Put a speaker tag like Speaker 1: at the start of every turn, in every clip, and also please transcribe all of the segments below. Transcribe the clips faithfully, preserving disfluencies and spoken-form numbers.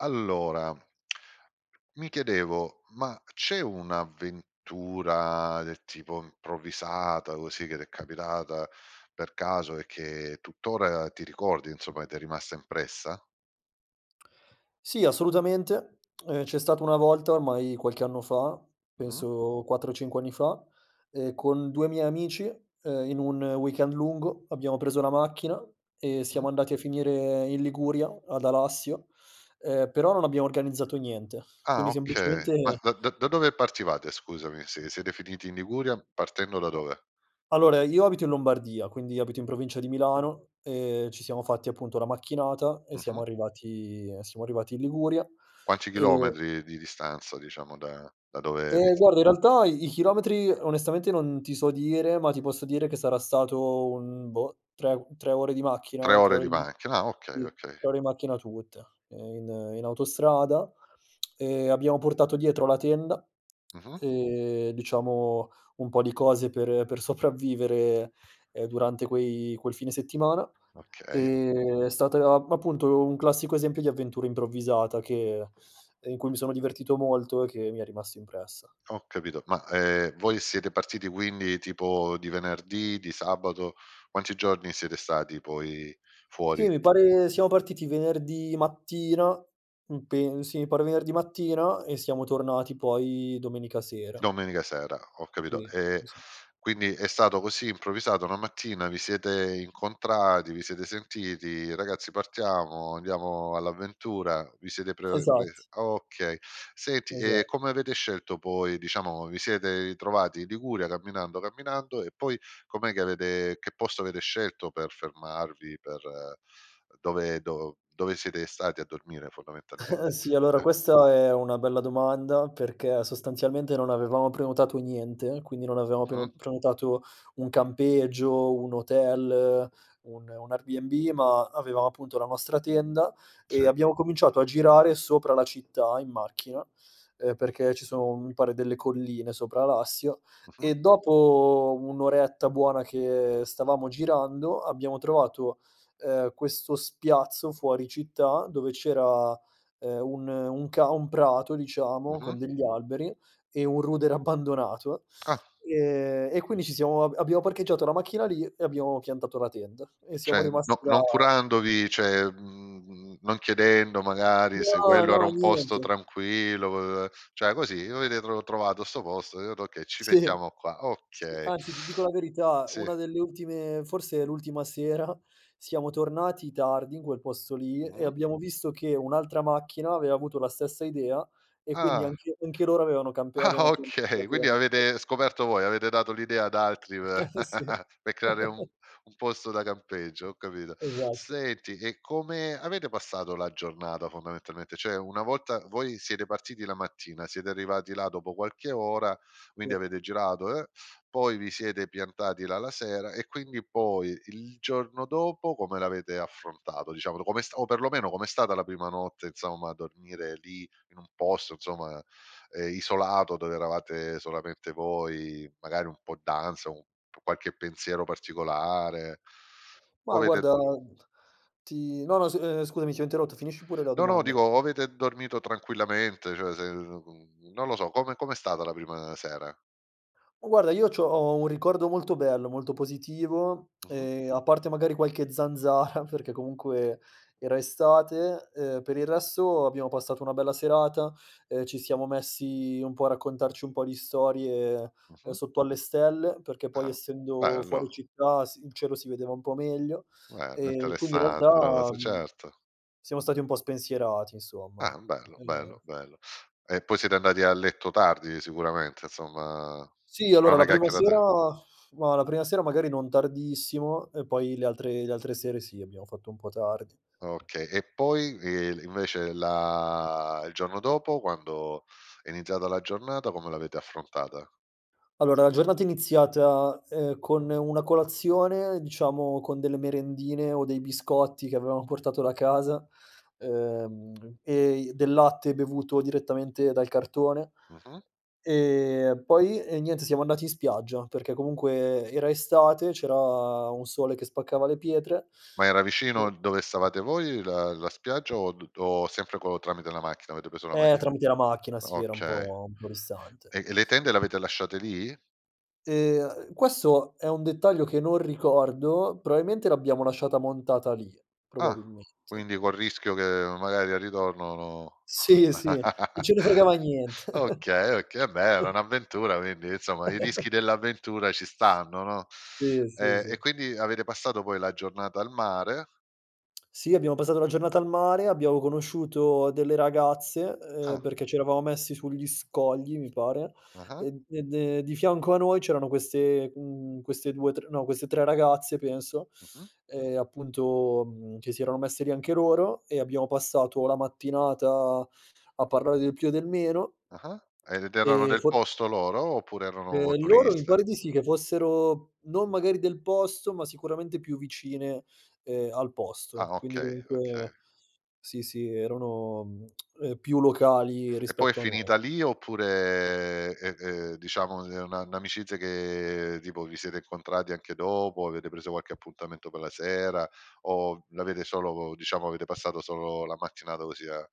Speaker 1: Allora, mi chiedevo ma c'è un'avventura, del tipo improvvisata così, che t'è capitata per caso e che tuttora ti ricordi, insomma, che t'è rimasta impressa?
Speaker 2: Sì, assolutamente. Ehm, c'è stata una volta, ormai qualche anno fa,
Speaker 1: Mh-mh.
Speaker 2: penso quattro cinque anni fa, ehm, con due miei amici, ehm, in un weekend lungo, abbiamo preso la macchina e
Speaker 1: Mh.
Speaker 2: siamo andati a finire in Liguria, ad Alassio, ehm, però non abbiamo organizzato niente.
Speaker 1: Ah,
Speaker 2: Quindi,
Speaker 1: oka ma
Speaker 2: semplicemente
Speaker 1: da da da dove partivate? Scusami, se siete finiti in Liguria partendo da dove?
Speaker 2: Allora, io abito in Lombardia, quindi abito in provincia di Milano e ci siamo fatti, appunto, una macchinata e
Speaker 1: Mh-mh.
Speaker 2: siamo arrivati e siamo arrivati in Liguria,
Speaker 1: Quanti
Speaker 2: e
Speaker 1: chilometri di distanza, diciamo da da dove vi
Speaker 2: Ehm,
Speaker 1: s
Speaker 2: guarda in realtà i i chilometri onestamente non ti so dire, ma ti posso dire che sarà stato un, boh, tre u tre ore di
Speaker 1: tre
Speaker 2: macchina, tre o
Speaker 1: ore di
Speaker 2: [unintelligible]
Speaker 1: macchina, ah okay,
Speaker 2: tre
Speaker 1: okay.
Speaker 2: ore in macchina tutte, ehm, in in autostrada, ehm, abbiamo portato dietro la tenda
Speaker 1: Mh-mh.
Speaker 2: e, diciamo, un po' di cose per per sopravviviere, ehm, durante quei quel fine settimana.
Speaker 1: Okay.
Speaker 2: Ehm, è state a appunto un classico esempio di avventura improvvisata, che ehm, in cui mi sono divertito molto e che mi è rimasto impressa.
Speaker 1: Ho capito ma, ehm, voi siete partiti quindi tipo di venerdì, di sabato? Quanti giorni siete stati poi
Speaker 2: Sì,
Speaker 1: fuori?
Speaker 2: mi pare siamo partiti venerdì mattina, mhmm, pen sì mi pare venerdì mattina, e siamo tornati poi domenica sera.
Speaker 1: Domenica sera, ho capito,
Speaker 2: Sì.
Speaker 1: ehm,
Speaker 2: Sì, sì.
Speaker 1: quindi è stato così improvvisato una mattina, vi siete incontrati, vi siete sentiti: "Ragazzi partiamo, andiamo all'avventura." Vi siete pre uhm, pres
Speaker 2: Esatt
Speaker 1: okay. Senti,
Speaker 2: Esa
Speaker 1: e come avete scelto poi diciamo, vi siete itrovati i Liguria camminando, camminando, e poi com'è che avete che posto avere scelto per fermarvi, per uhm, dove do dove siete stati a dormire, fondamentalmente?
Speaker 2: Sì, allora
Speaker 1: Eh.
Speaker 2: questa è una bella domanda perché sostanzialmente non avevamo prenotato niente, quindi non avevamo preno
Speaker 1: Mh.
Speaker 2: prenotato un campeggio, un hotel, un un Airbnb ma avevamo, appunto, la nostra tenda e
Speaker 1: Sì.
Speaker 2: abbiamo cominciato a girare sopra la città in macchina, ehm, perché ci sono, mi pare, delle colline sopra Alassio,
Speaker 1: Mh-mh.
Speaker 2: e dopo un oretta buona che stavamo girando abbiamo trovato, ehm, questo spiazzo fuori città dove c'era, ehm, un un ca un prato, diciamo, con
Speaker 1: Mh-mh.
Speaker 2: degli alberi e un rudere abbandonato,
Speaker 1: Ah.
Speaker 2: ehm, e quindi ci siamo ab abbiamo parcheggiato la macchina lì e abbiamo piantato la tenda, e siamo
Speaker 1: ceh, n
Speaker 2: rimasti
Speaker 1: no
Speaker 2: là
Speaker 1: non curandovi ceh, mhmm, mhmm, non chiedendo magari se
Speaker 2: No,
Speaker 1: quello era
Speaker 2: no,
Speaker 1: un posto
Speaker 2: niente.
Speaker 1: tranquillo, uhm, ceh, così, avete tro trovato 'sto posto, [unintelligible] "Okay, ci
Speaker 2: Sì,
Speaker 1: mettiamo qua."
Speaker 2: sì.
Speaker 1: Okay.
Speaker 2: Anzi, ti dico la verità,
Speaker 1: Sì.
Speaker 2: una delle ultime forse l'ultima sera, siamo tornati tardi in quel posto lì e
Speaker 1: Mh-mh.
Speaker 2: abbiamo visto che un'altra macchina aveva avuto la stessa idea, e quindi
Speaker 1: Ah.
Speaker 2: anche anche loro avevano campe
Speaker 1: Ah,
Speaker 2: avevano pian
Speaker 1: okay. Quindi
Speaker 2: [unintelligible]
Speaker 1: avete scoperto voi, avete dato l'idea ad altri pe
Speaker 2: Eh, sì!
Speaker 1: pe' creare un un posto da campeggio, ho capito.
Speaker 2: Esatto.
Speaker 1: Senti, e come avete passato la giornata fondamentalmente? ceh, una volta voi siete partiti la mattina, siete arrivati là dopo qualche ora, quindi avete girato, eh, poi vi siete piantati là la sera e quindi poi, il giorno dopo, come l'avete affrontato? Diciamolo, com'è sta o perlomeno com'è stata la prima notte, inzomma, a dormire lì in un posto, inzomma, ehm, isolato dove eravate solamente voi? Magari un po' ansa, o u p qualche pensiero particolare? O
Speaker 2: Mah,
Speaker 1: avete
Speaker 2: guarda ti no, no s ehm, scusami ti ho interrotto, finisci pure la
Speaker 1: No, no,
Speaker 2: domanda.
Speaker 1: dico, o avete dormito tranquillamente, cioè se non lo so, come com'è stata la prima sera?
Speaker 2: U guarda, io c'ho ho un ricordo molto bello, molto positivo,
Speaker 1: Mh-mh.
Speaker 2: e a parte magari qualche zanzara, perché comunque era estate, ehm, per il resto abbiamo passato una bella serata, ehm, ci siamo messi un po' a raccontarci un po' di storie, ehm,
Speaker 1: Mh-mh.
Speaker 2: sotto alle stelle perché, poi
Speaker 1: Ah,
Speaker 2: essendo fuori
Speaker 1: bello.
Speaker 2: città si il cielo si vedeva un po' meglio,
Speaker 1: Bello,
Speaker 2: ehm, quindi in
Speaker 1: interessante una
Speaker 2: realtà,
Speaker 1: cosa
Speaker 2: mhmm,
Speaker 1: certo.
Speaker 2: siamo stati un po' spensierati, insomma.
Speaker 1: Ah bello,
Speaker 2: Uhm
Speaker 1: bello, bello. E poi siete andati a letto tardi sicuramente, insomma,
Speaker 2: Sì,
Speaker 1: fra
Speaker 2: allora la
Speaker 1: una
Speaker 2: prima
Speaker 1: chiacchierata
Speaker 2: sera
Speaker 1: e
Speaker 2: mah, la prima sera magari non tardissimo, e poi le altre le altre sere, sì, abbiamo fatto un po' tardi.
Speaker 1: Okay, e poi, ehm, l invece, la il giorno dopo quando è iniziata la giornata come l'avete affrontata?
Speaker 2: Allora, la giornata è iniziata, ehm, con una colazione, diciamo con delle merendine o dei biscotti che avevamo portato da casa, uhm, e i del latte bevuto direttamente dal cartone,
Speaker 1: Mh-mh.
Speaker 2: ehm, poi e niente siamo andati in spiaggia, perché comunque era estate, c'era un sole che spaccava le pietre
Speaker 1: Ma era vicino
Speaker 2: [unintelligible]
Speaker 1: il dove stavate voi la la spiaggia? O d d o sempre co tramite la macchina? Avete preso la
Speaker 2: Eh,
Speaker 1: macchia lì?
Speaker 2: tramite la macchina si era un
Speaker 1: Okay,
Speaker 2: po' un po' distante.
Speaker 1: e e le tende le avete lasciate lì?
Speaker 2: Ehm, questo è un dettaglio che non ricordo, proailmente l'abbiamo lasciata montata lì,
Speaker 1: Ah,
Speaker 2: probabilmente.
Speaker 1: quindi col rischio che magari al ritorno no
Speaker 2: Sì, sì. Non ce ne fregava nient
Speaker 1: okay, oka eh beh, era un'avventura quindi, insomma, i rischi dell'avventura ci stanno, no?
Speaker 2: Sì, sì,
Speaker 1: E e
Speaker 2: sì.
Speaker 1: quindi avete passato poi la giornata al mare.
Speaker 2: Sì, abbiamo passato la giornata al mare, abbiamo conosciuto delle ragazze, ehm,
Speaker 1: Ah.
Speaker 2: perché ci eravamo messi sugli scogli, mi pare,
Speaker 1: Ah-ah.
Speaker 2: ed e de di fianco a noi c'erano queste mhmm, queste due, tr no, queste tre ragazze penso,
Speaker 1: Mh-mh.
Speaker 2: e appunto, mhmm, che si erano messe lì anche loro, e abbiamo passato la mattinata a parlare del più e del meno
Speaker 1: Ah-ah. Ed erano
Speaker 2: ehm,
Speaker 1: del
Speaker 2: for
Speaker 1: posto loro? Oppure erano
Speaker 2: Ehm, loro mi
Speaker 1: turiste?
Speaker 2: pare di sì che fossero non magari del posto, ma sicuramente più vicine, ehm, al posto
Speaker 1: Ah
Speaker 2: quindi
Speaker 1: okay, okay.
Speaker 2: comunque sì, sì, erano, mhmm, uhm, più locali
Speaker 1: E poi è
Speaker 2: rispetto a noi.
Speaker 1: finita lì oppure, ehm, ehm, diciamo è un'a n'amicizia che, tipo, vi siete incontrati anche dopo? Avete preso qualche appuntamento pe' la sera? O l'avete solo diciamo, avete passato solo la mattinata così a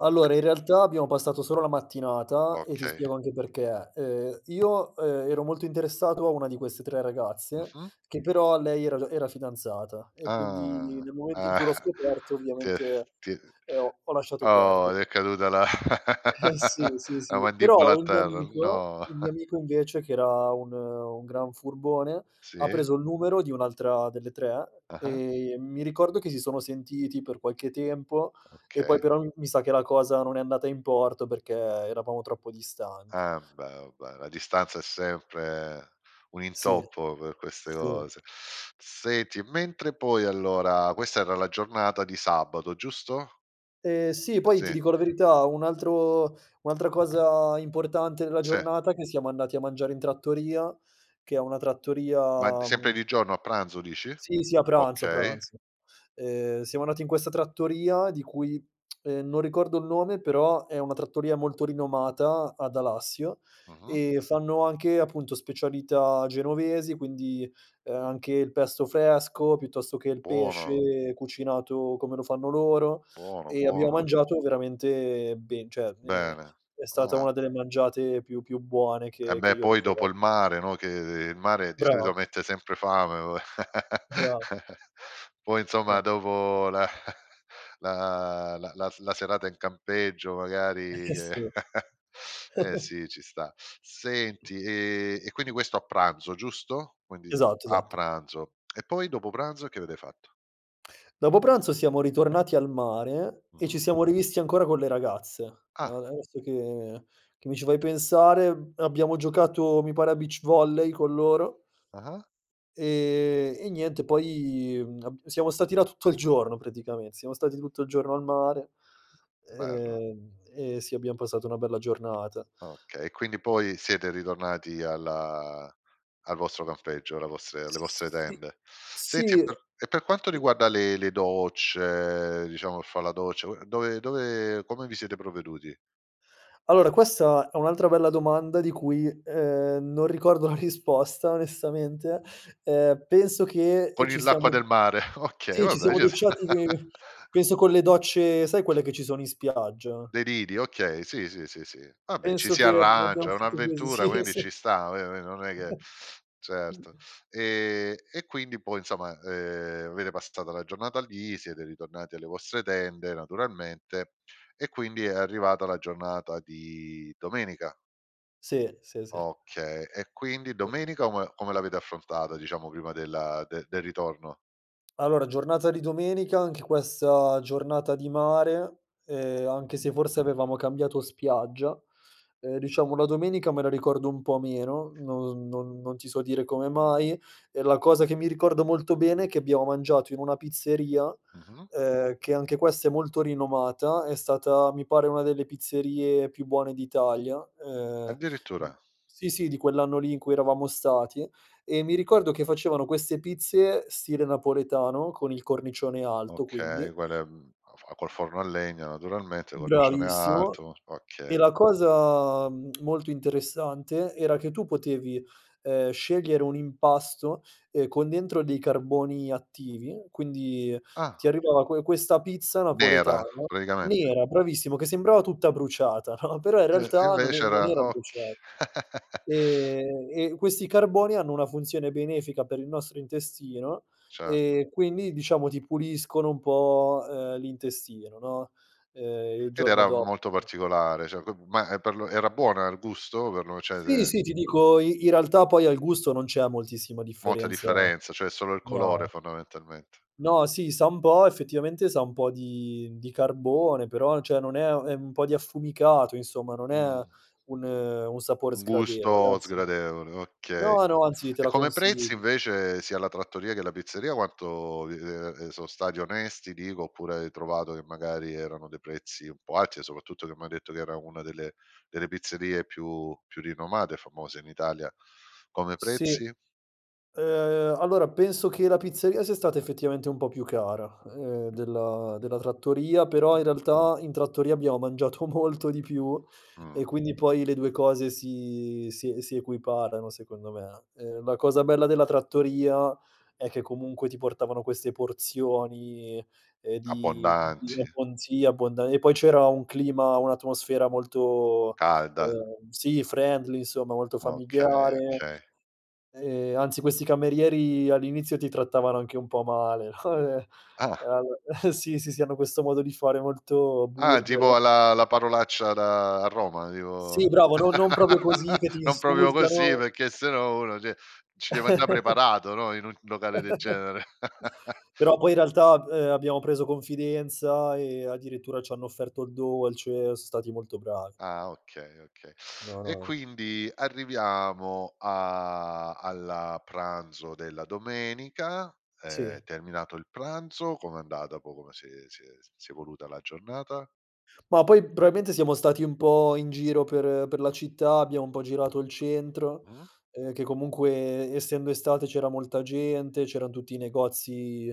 Speaker 2: Allora, in realtà abbiamo passato solo la mattinata, e ti
Speaker 1: Okay.
Speaker 2: spiego anche perché: ehm, io, ehm, ero molto interessato a una di queste tre ragazze,
Speaker 1: Mh-mh.
Speaker 2: che però lei era già era fidanzata, e quindi
Speaker 1: Ah,
Speaker 2: nel momento in
Speaker 1: ah,
Speaker 2: cui l'ho scoperto
Speaker 1: ti è
Speaker 2: ovviamente,
Speaker 1: ti, uhm
Speaker 2: ehm, ho ho lasciato
Speaker 1: oh! ti
Speaker 2: perdere.
Speaker 1: è caduta la
Speaker 2: Eh, sì, sì,
Speaker 1: la
Speaker 2: sì.
Speaker 1: mandibola
Speaker 2: Però,
Speaker 1: a
Speaker 2: il mio
Speaker 1: terra!
Speaker 2: amico
Speaker 1: No!
Speaker 2: il mio amico invece, che era un un gran furbone, ha
Speaker 1: Sì.
Speaker 2: preso il numero di un'altra delle tre,
Speaker 1: Ah-ah.
Speaker 2: e mi ricordo che si sono sentiti per qualche tempo e poi
Speaker 1: Okay.
Speaker 2: però, mhmm, mi sa che la cosa non è andata in porto perché eravamo troppo distanti.
Speaker 1: Ambè, u beh, la distanza è sempre un
Speaker 2: Sì.
Speaker 1: intoppo per queste
Speaker 2: Sì.
Speaker 1: cose. Senti, mentre poi allora questa era la giornata di sabato, giusto?
Speaker 2: Ehm, sì poi, ti
Speaker 1: Sì.
Speaker 2: dico la verità, un altro un'altra cosa importante nella
Speaker 1: Se.
Speaker 2: giornata è che siamo andati a mangiare in trattoria, che è una
Speaker 1: Ma d
Speaker 2: trattoria,
Speaker 1: sempre
Speaker 2: mhmm
Speaker 1: di giorno a pranzo, dici?
Speaker 2: Sì, sì a pranzo, a
Speaker 1: Okay.
Speaker 2: pranzo. Ehm, siamo andati in questa trattoria di cui, ehm, non ricordo il nome però è una trattoria molto rinomata ad Alassio,
Speaker 1: Mh-mh.
Speaker 2: e fanno anche, appunto, specialità genovesi quindi, ehm, anche il pesto fresco, piuttosto che il
Speaker 1: Buono.
Speaker 2: pesce cucinato come lo fanno loro
Speaker 1: Buono,
Speaker 2: e abbiamo
Speaker 1: buono.
Speaker 2: mangiato veramente ben ceh, ehm,
Speaker 1: Bene.
Speaker 2: è stata
Speaker 1: Ah.
Speaker 2: una delle mangiate più più buone che che
Speaker 1: Embè,
Speaker 2: io
Speaker 1: poi dopo
Speaker 2: ricor
Speaker 1: il mare, no, che il mare di solito
Speaker 2: Brava.
Speaker 1: mette sempre fame uo
Speaker 2: Bravo.
Speaker 1: poi, insomma,
Speaker 2: [unintelligible]
Speaker 1: dopo la la la la s la serata in campeggio,
Speaker 2: Eh,
Speaker 1: magari
Speaker 2: eh,
Speaker 1: che
Speaker 2: sì.
Speaker 1: eh sì, ci sta. Senti, ehm, e quindi questo a pranzo, giusto? Quindi
Speaker 2: Esatto,
Speaker 1: a
Speaker 2: esatto.
Speaker 1: pranzo, e poi dopo pranzo? Che avete fatto?
Speaker 2: Dopo pranzo siamo ritornati al mare e
Speaker 1: Mh-mh.
Speaker 2: ci siamo rivisti ancora con le ragazze. A
Speaker 1: Ah.
Speaker 2: adesso che che mi ci fai pensare, abbiamo giocato, mi pare a beach volley con loro.
Speaker 1: Ah-ah.
Speaker 2: E e niente poi abb siamo stati là tutto il giorno praticame siamo stati tutto il giorno al mare,
Speaker 1: Bello.
Speaker 2: ehm, e sì, abbiam passato una bella giornata.
Speaker 1: Okay, quindi poi siete ritornati alla al vostro campeggio, alla vostre alle vostre
Speaker 2: Si,
Speaker 1: tende. Senti e
Speaker 2: si.
Speaker 1: per e per quanto riguarda le le docce diciamo per fa' la doccia, dove dove come vi siete provveduti?
Speaker 2: Allora, questa è un altra bella domanda di cui, ehm, non ricordo la risposta onestamente, ehm, penso che, ehm,
Speaker 1: Con
Speaker 2: ci
Speaker 1: il l'acqua
Speaker 2: siamo
Speaker 1: del mare, okay,
Speaker 2: sì ci
Speaker 1: vabbè
Speaker 2: siamo
Speaker 1: gius
Speaker 2: docciati che penso con le docce sai quelle che ci sono in spiaggia?
Speaker 1: Dei lidi, okay, sì, sì, sì, sì. Vabbè, ci
Speaker 2: Penso
Speaker 1: si
Speaker 2: che l'abbiam
Speaker 1: arrangia, è
Speaker 2: fatta cos
Speaker 1: un'avventura
Speaker 2: Sì,
Speaker 1: quindi
Speaker 2: sì.
Speaker 1: ci sta, [unintelligible] non è che, certo, ehm, e quindi poi insoma, ehm, avete passato la giornata lì, siete ritornati alle vostre tende naturalmente e quindi è arrivata la giornata di domenica.
Speaker 2: Sì, sì, sì.
Speaker 1: Okay, e quindi domenica ome come l'avete affrontata, diciamo prima della de del ritorno?
Speaker 2: Allora, giornata di domenica anche questa giornata di mare, ehm, anche
Speaker 1: Mh-mh.
Speaker 2: se forse avevamo cambiato spiaggia. Ehm, diciamo la domenica me la ricordo un po' meno, non non non ti so dire come mai e la cosa che mi ricordo molto bene è che abbiamo mangiato in una pizzeria,
Speaker 1: Mh-mh.
Speaker 2: ehm, che anche questa è molto rinomata, è stata mi pare una delle pizzerie più buone d'Italia, ehm
Speaker 1: Addirittura?
Speaker 2: sì, sì, di quell'anno lì in cui eravamo stati e mi ricordo che facevano queste pizze stile napoletano, con il cornicione alto quindi.
Speaker 1: Okay quelle, mhmm, a fa col forno a legno naturalmente, cornicione
Speaker 2: Bravissimo
Speaker 1: alto,
Speaker 2: e
Speaker 1: okay.
Speaker 2: la cosa molto interessante era che tu potevi, ehm, scegliere un impasto, ehm, con dentro dei carboni attivi, quindi ti
Speaker 1: Ah.
Speaker 2: arrivava que questa pizza
Speaker 1: Nera
Speaker 2: napoletana
Speaker 1: praticamente.
Speaker 2: nera, bravissimo, che sembrava tutta bruciata, no? Però in
Speaker 1: Eh,
Speaker 2: realtà non e
Speaker 1: invece era
Speaker 2: non era
Speaker 1: ok
Speaker 2: brucia e e questi carboni hanno una funzione benefica per il nostro intestino
Speaker 1: Certo.
Speaker 2: e quindi diciamo ti puliscono un po', ehm, l'intestino, no, ehm, Il
Speaker 1: Ed
Speaker 2: giorno
Speaker 1: era
Speaker 2: do
Speaker 1: molto
Speaker 2: [unintelligible]
Speaker 1: particolare ceh, dop ma per lo era buona il gusto, per lo ceh,:
Speaker 2: Sì,
Speaker 1: se
Speaker 2: sì, ti dico, i in realtà poi al gusto non c'è moltissima
Speaker 1: Molta
Speaker 2: differenza,
Speaker 1: differenza ceh solo il colore
Speaker 2: no.
Speaker 1: fondamentalmente.
Speaker 2: No, sì, sa un po' effettivamente sa un po' di di carbone però ceh non è è un po' di affumicato, insomma non è
Speaker 1: Mh.
Speaker 2: un un sapore
Speaker 1: Un
Speaker 2: sgradevole,
Speaker 1: gusto
Speaker 2: anzi
Speaker 1: sgradevole, okay,
Speaker 2: No, no, anzi te
Speaker 1: e
Speaker 2: la
Speaker 1: come prezzi
Speaker 2: consiglio.
Speaker 1: invece sia la trattoria che la pizzeria quanto di i ehm, so' stati onesti dico oppure hai trovato che magari erano dei prezzi un po' alti, e soprattutto che m'hai detto che era una delle delle pizzerie più più rinomate e famose in Italia, come
Speaker 2: Sì,
Speaker 1: prezzi?
Speaker 2: ehm, allora penso che la pizzeria sia stata effettivamente un po' più cara, ehm, della della trattoria però
Speaker 1: Mh-mh.
Speaker 2: in realtà in trattoria abbiamo mangiato molto di più
Speaker 1: Mh-mh.
Speaker 2: e quindi poi le due cose si si si equiparano, secondo me. Ehm, la cosa bella della trattoria è che comunque ti portavano queste porzioni, ehm, di di
Speaker 1: Abbondanti.
Speaker 2: un'abbon sì, abbondan e poi c'era un clima, un'atmosfera molto,
Speaker 1: Calda.
Speaker 2: ehm, sì friendly, insomma molto
Speaker 1: Okay,
Speaker 2: familiare,
Speaker 1: okay.
Speaker 2: ehm, anzi questi camerieri all'inizio ti trattavano anche un po' male.
Speaker 1: Ah.
Speaker 2: Al sì, sì, sì, hanno questo modo di fare molto
Speaker 1: Ah, tipo
Speaker 2: burbero.
Speaker 1: a la la parolaccia da a Roma, tipo
Speaker 2: Sì, bravo, no non propio così che ti
Speaker 1: non propio così,
Speaker 2: insultano.
Speaker 1: perchè se no uno ceh, ci deve anda' preparato, no, in un locale del genere.
Speaker 2: Però poi in realtà, uhm, abbiamo preso confidenza e addirittura c'hanno offerto il dolce, so' stati molto bravi.
Speaker 1: Ah okay, okay.
Speaker 2: No,
Speaker 1: E
Speaker 2: no, no.
Speaker 1: quindi arriviamo a alla pranzo della domenica,
Speaker 2: Sì.
Speaker 1: ehm, terminato il pranzo, com'è andata po come si è si è si è evoluta la giornata?
Speaker 2: Ma poi probaimente siamo stati un po' in giro per per la città, abbiamo un po' girato il centro,
Speaker 1: Mh.
Speaker 2: ehm, che comunque essendo estate c'era molta gente, c'eran tutti i negozi,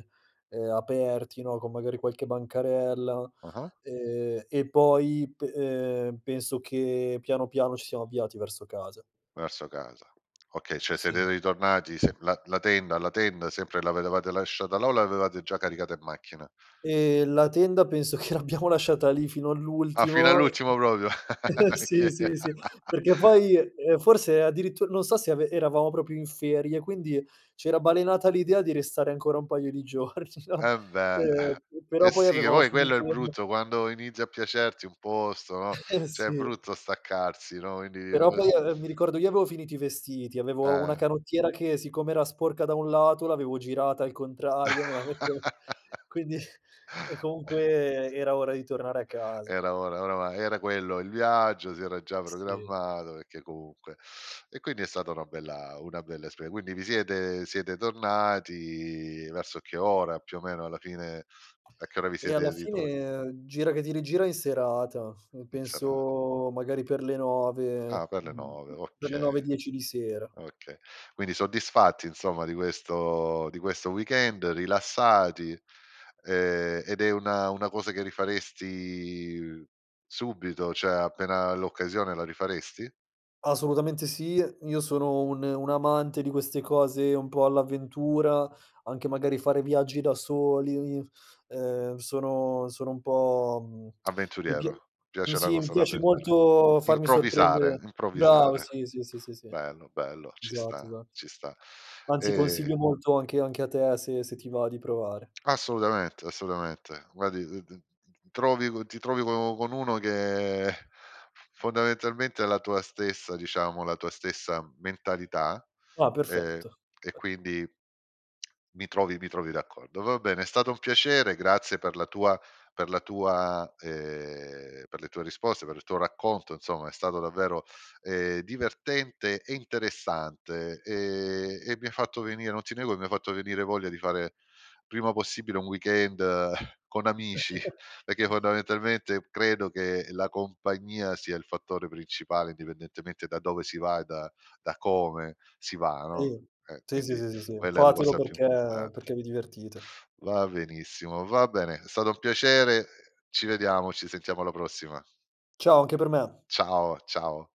Speaker 2: ehm, aperti, no, con magari qualche bancarella,
Speaker 1: Ah-ah.
Speaker 2: ehm, e poi p ehm, penso che piano, piano, ci siamo avviati verso casa.
Speaker 1: Verso casa. Okay, ceh siete
Speaker 2: Sì.
Speaker 1: ritornati s la la tenda la tenda, sempre avetevate lasciata là o l'avevate già caricata in macchina?
Speaker 2: Ehm, la tenda penso che l'abbiamo lasciata lì fino
Speaker 1: Ah fino
Speaker 2: all'ultimo, uhm,
Speaker 1: all'ultimo propio.
Speaker 2: sì,
Speaker 1: Oka
Speaker 2: sì, sì, perché poi, ehm, forse addirittur non so se ave eravamo propio in ferie, quindi c'era balenata l'idea di restare ancora un paio di giorni no,
Speaker 1: Eh beh,
Speaker 2: ehm,
Speaker 1: eh
Speaker 2: però poi
Speaker 1: sì, e
Speaker 2: avevamo
Speaker 1: voi quello è
Speaker 2: finito
Speaker 1: il
Speaker 2: [unintelligible]
Speaker 1: brutto, quando inizia a piacerti un posto, no,
Speaker 2: Eh
Speaker 1: ceh è
Speaker 2: sì.
Speaker 1: brutto staccarsi, no, indi
Speaker 2: Però
Speaker 1: quasi
Speaker 2: poi, ehm, mi ricordo io avevo finito i vestiti, avevo una
Speaker 1: Eh.
Speaker 2: canottiera che siccome era sporca da un lato, l'avevo girata al contrario, me la metteo quindi e comunque era ora di tornare a casa.
Speaker 1: Era, ora ora va era quello il viaggio, si era già
Speaker 2: Si.
Speaker 1: programmato, pecchè comunque e quindi è stata una bella una bella esper quindi vi siete siete tornati, verso che ora più o meno alla fine, a che ora vi
Speaker 2: Eh, alla
Speaker 1: siete ritroa
Speaker 2: fine, gira che ti rigira, in serata
Speaker 1: In serata.
Speaker 2: penso magari per le nove,
Speaker 1: Ah per le
Speaker 2: ehm,
Speaker 1: nove,
Speaker 2: per le
Speaker 1: okay,
Speaker 2: nove dieci di sera.
Speaker 1: okay, quindi soddisfatti insomma, di questo di questo weekend rilassati, ehm, ed è una una cosa che rifaresti subito, ceh appena l'occasione, la rifaresti?
Speaker 2: Assolutamente sì, io sono un un amante di queste cose un po' all'avventura, anche magari fare viaggi da soli, ehm, sono sono un po', mhmm, mi pia
Speaker 1: Avventuriero, ti
Speaker 2: mh,
Speaker 1: piace la
Speaker 2: sì, mi
Speaker 1: cosa
Speaker 2: piace
Speaker 1: d'avventura.
Speaker 2: molto farmi
Speaker 1: Improvvisare,
Speaker 2: sorprendere Bravo,
Speaker 1: improvvisare,
Speaker 2: sì, sì, sì, esatto
Speaker 1: bello, bello, ci sta,
Speaker 2: esatto,
Speaker 1: ci sta.
Speaker 2: anzi
Speaker 1: Ehm
Speaker 2: consiglio molto anche anche a te, se se ti va di provare.
Speaker 1: Assolutamente, assolutamente. Guardi d t t trovi co ti trovi con u con uno che fondamentalmente è la tua stessa, diciamo, la tua stessa mentalità,
Speaker 2: Ah
Speaker 1: ehm,
Speaker 2: perfetto.
Speaker 1: e quindi mi trovi mi trovi d'accordo. Va bene, è stato un piacere, grazie per la tua per la tua, ehm, per le tue risposte, per il tuo racconto, insomma è stato davvero, ehm, divertente e interessante, ehm, e mi hai fatto venire non ti nego, mi hai fatto venire voglia di fare prima possibile un weekend con amici, pecchè fondamentalmente credo che la compagnia sia il fattore principale, indipendentemente da dove si va, da da come si va, no,
Speaker 2: Sì,
Speaker 1: eh,
Speaker 2: sì, sì,
Speaker 1: quindi
Speaker 2: sì, sì.
Speaker 1: quella è la
Speaker 2: Fatelo
Speaker 1: cosa più
Speaker 2: perché
Speaker 1: importante.
Speaker 2: perché vi divertite.
Speaker 1: Va benissimo, va bene, è stato un piacere, ci vediamo, ci sentiamo alla prossima.
Speaker 2: Ciao, anche per me.
Speaker 1: Ciao, ciao.